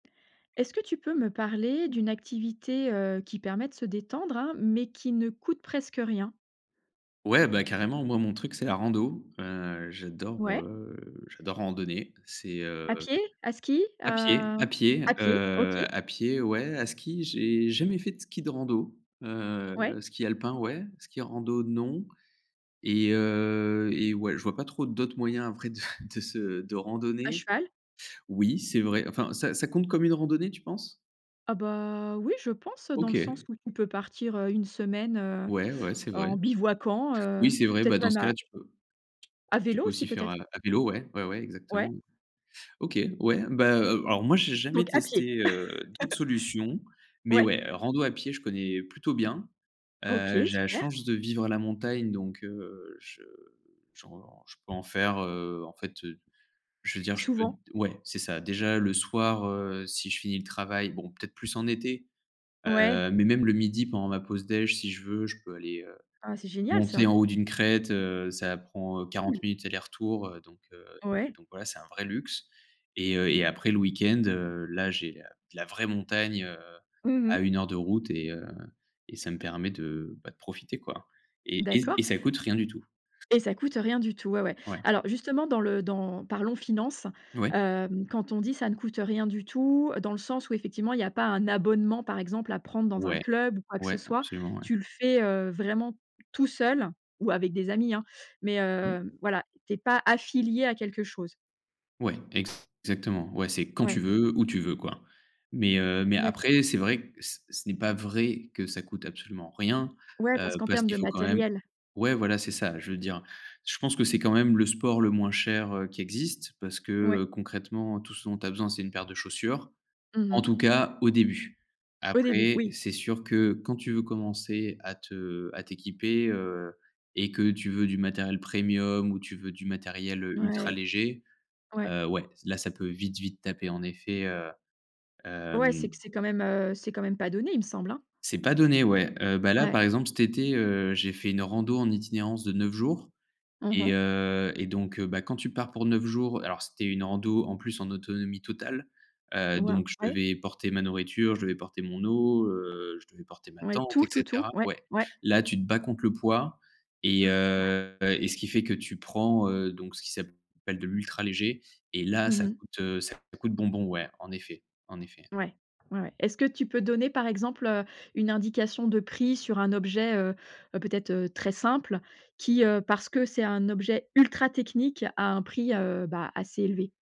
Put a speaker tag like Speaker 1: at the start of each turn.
Speaker 1: Est-ce que tu peux me parler d'une activité, heu, qui permet de se détendre hein, mais qui ne coûte presque rien?
Speaker 2: Ouais, bah, carrément. Moi, mon truc c'est la rando. Heu, j'adore,
Speaker 1: Ouais.
Speaker 2: heu, j'adore randonner. C'est, heu
Speaker 1: À pied? À ski?
Speaker 2: à pied,
Speaker 1: À
Speaker 2: à pied,
Speaker 1: à pied, OK.
Speaker 2: heu, à pied ouais. À ski, j'ai jamais fait de ski de rando, heu,
Speaker 1: Ouais.
Speaker 2: ski alpin ouais, ski rando non et heu et ouais, je vois pas trop d'autres moyens après de de se de
Speaker 1: À
Speaker 2: randonner.
Speaker 1: cheval?
Speaker 2: Oui c'est vrai, enfin, ça ça compte comme une randonnée, tu penses?
Speaker 1: Ah, bah oui, je pense dans le sens
Speaker 2: OK.
Speaker 1: où tu peux partir, heu, 1 semaine, heu,
Speaker 2: Ouais, ouais, c'est vrai.
Speaker 1: en bivouaquant,
Speaker 2: Oui
Speaker 1: heu,
Speaker 2: c'est vrai, bah,
Speaker 1: peut-être
Speaker 2: dans ce
Speaker 1: même
Speaker 2: cas là,
Speaker 1: à
Speaker 2: tu peux t
Speaker 1: à
Speaker 2: tu
Speaker 1: vélo
Speaker 2: peux aussi
Speaker 1: aussi,
Speaker 2: faire à
Speaker 1: peut-être?
Speaker 2: la à vélo. Ouais, ouais ouais,
Speaker 1: Ouais.
Speaker 2: exactement. OK, ouais, beh heu, alors moi, j'ai jamais
Speaker 1: Donc à pied.
Speaker 2: testé, heu, d'autres solutions mais
Speaker 1: Ouais.
Speaker 2: ouais, rando à pied je connais plutôt bien. Heu,
Speaker 1: OK,
Speaker 2: j'ai la
Speaker 1: super.
Speaker 2: chance de vivre à la montagne donc heu, je je ren je peux en faire, heu, en fait, heu, je veux dire, je peux d
Speaker 1: Souvent.
Speaker 2: ouais c'est ça, déjà le soir, heu, si je finis le travail, bon peut-être plus en été.
Speaker 1: Ouais.
Speaker 2: Heu, mais même le midi pendant ma pause dej, si je veux je peux aller, heu,
Speaker 1: Ah c'est génial
Speaker 2: monter
Speaker 1: ça!
Speaker 2: en haut d'une crête, heu, ça prend 40
Speaker 1: Cool.
Speaker 2: minutes aller-retour, heu, donc, heu,
Speaker 1: Ouais.
Speaker 2: donc voilà. C'est un vrai luxe et heu et après le week-end, heu, là j'ai la de la vraie montagne, heu,
Speaker 1: Mmh
Speaker 2: à
Speaker 1: mh.
Speaker 2: 1 heure de route et heu, et ça me permet de, bah, de profiter, quoi et et
Speaker 1: D'accord.
Speaker 2: et ça coûte rien du tout.
Speaker 1: Et ça coûte rien du tout, ouais, ouais.
Speaker 2: Ouais.
Speaker 1: Alors justement, dans le dans parlons finance.
Speaker 2: Ouais.
Speaker 1: Hem quand on dit: «Ça ne coûte rien du tout», dans le sens où, effectivement, il y pas un abonnement, par exemple à prendre dans un
Speaker 2: Ouais.
Speaker 1: club ou quoi que ce
Speaker 2: Ouais,
Speaker 1: soit,
Speaker 2: absolument, ouais.
Speaker 1: tu le fais, heu, vraiment tout seul ou avec des amis, hein mais
Speaker 2: Oui.
Speaker 1: heu, voilà, tu es pas affilié à quelque chose.
Speaker 2: Ouais, ex exactement. Ouais, c'est quand tu
Speaker 1: Ouais.
Speaker 2: veux où tu veux, quoi. Mais heu, mais
Speaker 1: D'accord.
Speaker 2: après c'est vrai ce ce n'est pas vrai que ça coûte absolument rien,
Speaker 1: Ouais,
Speaker 2: heu,
Speaker 1: parce qu'en
Speaker 2: parce
Speaker 1: termes
Speaker 2: qu'il
Speaker 1: de
Speaker 2: faut quand même
Speaker 1: matériel.
Speaker 2: ouais, voilà, c'est ça. Je veux dire, je pense que c'est quand même le sport le moins cher, heu, qui existe parce que,
Speaker 1: Ouais.
Speaker 2: heu, concrètement tout ce dont tu as besoin c'est une paire de chaussures.
Speaker 1: Mmh
Speaker 2: En
Speaker 1: mh.
Speaker 2: tout cas au début.
Speaker 1: Au début,
Speaker 2: Après
Speaker 1: oui.
Speaker 2: c'est sûr que quand tu veux commencer à te à t'équiper, heu et que tu veux du matériel premium ou tu veux du matériel ultra
Speaker 1: Ouais.
Speaker 2: léger,
Speaker 1: Ouais.
Speaker 2: heu, ouais, là, ça peut vite, vite taper en effet, heu,
Speaker 1: Ouais, c'est
Speaker 2: hem
Speaker 1: que c'est quand même, heu, c'est quand même pas donné, il me semble hein?
Speaker 2: C'est pas donné ouais. Heu, bah là, par
Speaker 1: Ouais.
Speaker 2: exemple, cet été, heu, j'ai fait une rando en itinérance de 9 jours
Speaker 1: Mmh
Speaker 2: et
Speaker 1: mh.
Speaker 2: heu et donc, heu bah, quand tu pars pour 9 jours alors c'était une rando en plus en autonomie totale, heu,
Speaker 1: Waouh!
Speaker 2: donc je
Speaker 1: Ouais.
Speaker 2: devais porter ma nourriture, je devais porter mon eau, heu, je devais porter ma
Speaker 1: Ouais,
Speaker 2: tente et
Speaker 1: tout, tout, tout,
Speaker 2: cetera.
Speaker 1: ouais,
Speaker 2: Ouais,
Speaker 1: ouais.
Speaker 2: là, tu te bats contre le poids et
Speaker 1: Ouais.
Speaker 2: heu et ce qui fait que tu prends, heu, donc ce qui s'appelle de l'ultra léger et là,
Speaker 1: Mmh
Speaker 2: ça
Speaker 1: mh.
Speaker 2: coûte, heu, ça coûte bonbon, ouais, en effet, en effet.
Speaker 1: Ouais, ouais, ouais. Est-ce que tu peux donner par exemple, heu, une indication de prix sur un objet, heu, peut-être, heu, très simple, qui ,heu, parce que c'est un objet ultra technique à un prix, heu, bah, assez élevé?